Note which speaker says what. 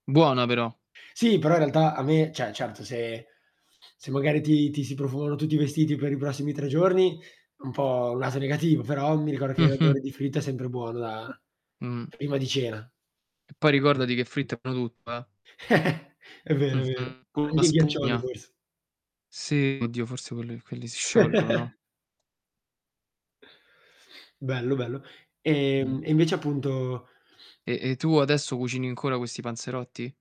Speaker 1: Buona però.
Speaker 2: Sì, però in realtà a me cioè certo se se magari ti ti si profumano tutti i vestiti per i prossimi 3 giorni un po' un lato negativo, però mi ricordo che
Speaker 1: Mh-mh.
Speaker 2: l'odore di fritto è sempre buono da
Speaker 1: Mh.
Speaker 2: prima di cena.
Speaker 1: Poi ricordati che fritto è buono tutto, eh.
Speaker 2: È vero, è vero.
Speaker 1: Mh-mh. Con la
Speaker 2: Anche i ghiaccioli,
Speaker 1: spugna.
Speaker 2: forse.
Speaker 1: Sì. Oddio, forse quelli quelli si sciolgono, no?
Speaker 2: Bello, bello.
Speaker 1: Mh.
Speaker 2: Ehm, e invece appunto
Speaker 1: E e tu adesso cucini ancora questi panzerotti?